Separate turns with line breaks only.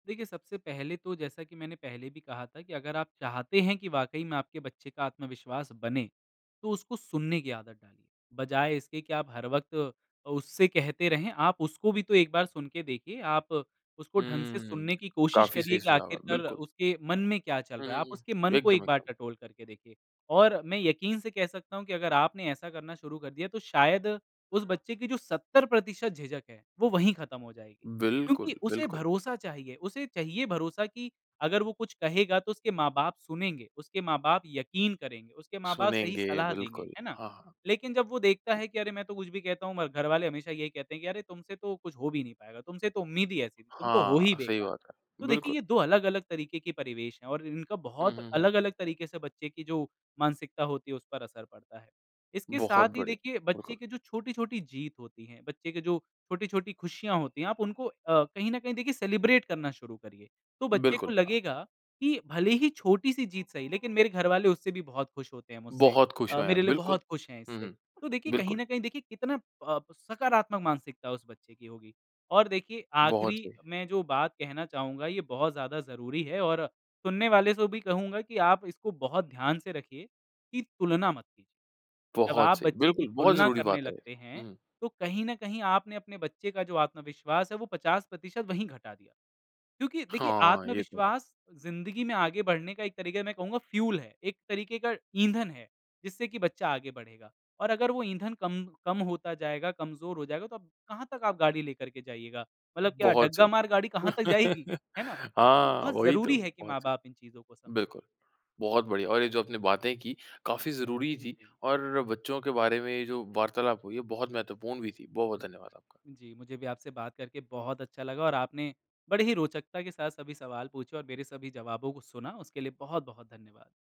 देखिए सबसे पहले तो जैसा कि मैंने पहले भी कहा था कि अगर आप चाहते हैं कि वाक़ई में आपके बच्चे का आत्मविश्वास बने, तो उसको सुनने की आदत डालिए। बजाए इसके कि आप हर वक़्त अ, उससे कहते रहें आप उसको भी तो एक बार सुन के देखिए आप उसको ढंग से
हुँ,
सुनने की कोशिश
काफ़ी
करिए
सही
कि
सुझाव है,
आख़िरकर
बिल्कुल।
उसके मन में क्या चल
हुँ,
रहा
हुँ,
है? आप
हुँ,
उसके मन को
एकदम,
1 बार
एकदम।
टटोल करके देखिए। और मैं यकीन से कह सकता हूँ कि अगर आपने ऐसा करना शुरू कर दिया तो शायद उस बच्चे की जो 70% झिझक है, वो वही खत्म हो जाएगी।
बिल्कुल,
क्योंकि उसे
बिल्कुल।
भरोसा चाहिए, उसे चाहिए भरोसा कि अगर वो कुछ कहेगा तो उसके माँ-बाप सुनेंगे, उसके माँ-बाप यक़ीन करेंगे, उसके माँ-बाप सही
सुनेंगे,
सलाह देंगे,
बिल्कुल,
है ना?
हाँ, हाँ।
लेकिन जब वो देखता है कि अरे मैं तो कुछ भी कहता हूँ म घर वाले हमेशा यही कहते हैं कि अरे तुमसे तो कुछ हो भी नहीं पाएगा, तुमसे तो उम्मीद ही ऐसी थी, तुम तो हो
हाँ,
ही
सही
बेकार।
बात है,
तो देखिए
बिल्कुल।
ये 2 अलग-अलग तरीके के परिवेश हैं और इन इनका
हुँ,
बहुत
हुँ, हुँ।
अलग-अलग तरीके से बच्चे की जो मानसिकता होती है उस पर असर पड़ता है। इसके
बहुत
साथ ही
बढ़िया,
देखिए
बिल्कुल।
बच्चे के जो छोटी-छोटी जीत होती है, बच्चे के जो छोटी-छोटी खुशियाँ होती है आप उनको अ, कहीं न कहीं देखिए सेलिब्रेट करना शुरू करिए। तो बच्चे को
बिल्कुल, हाँ।
लगेगा, कि भले ही छोटी-सी जीत सही लेकिन मेरे घर वाले उससे भी बहुत खुश होते हैं मुझसे
बहुत खुश
अ,
हुए
मेरे
हैं
लिए
बिल्कुल,
बहुत खुश है
हुँ,
इससे।
हुँ,
तो देखिए कहीं
बिल्कुल।
न कहीं देखिए कितना प अ, सकारात्मक मानसिकता उस बच्चे की होगी, और देखिए
बहुत
आख़िरी
सही।
में जो बात कहना चाहूँगा ये बहुत ज़्यादा ज़रूरी है और सुनने वाले को भी कहूँगा कि आप इसको बहुत ध्यान से रखिए, कि तुलना मत कीजिए। जब
बहुत
आप
सही
बच्चे की
बिल्कुल, बहुत
तुलना
ज़रूरी
करने
बात है ये,
लगते हैं,
हुँ।
तो कहीं न कहीं आपने अपने बच्चे का जो आत्मविश्वास है वो 50% वहीं घटा दिया, क्योंकि देखिए
हाँ, ये तो है।
आत्मविश्वास ज़िंदगी में आगे बढ़ने का एक तरीक़ा है मैं कहूँगा फ्यूल है, एक तरीक़े का ईंधन है, जिससे कि बच्चा आगे बढ़ेगा और अगर वो ईंधन कम कम होता जाएगा, कमज़ोर हो जाएगा तो कहाँ तक आप गाड़ी लेकर के जाइएगा। मतलब क्या
बहुत
डग्गा
सही।
मार गाड़ी कहाँ तक जाएगी, है ना? तो
हाँ,
बहुत
वही तो
ज़रूरी है कि
बहुत
माँ-बाप इन चीज़ों को
सही,
समझें।
बिल्कुल। बहुत बढ़िया, और ये जो आपने बातें कीं काफ़ी ज़रूरी थीं
जी।
और बच्चों के बारे में ये जो वार्तालाप हुई हैं बहुत महत्वपूर्ण भी थी। बहुत-बहुत धन्यवाद आपका।
जी, मुझे भी आपसे बात करके बहुत अच्छा लगा और आपने बड़ी ही रोचकता के साथ सभी सवाल पूछे और मेरे सभी जवाबों को सुना उसके लिए बहुत-बहुत धन्यवाद।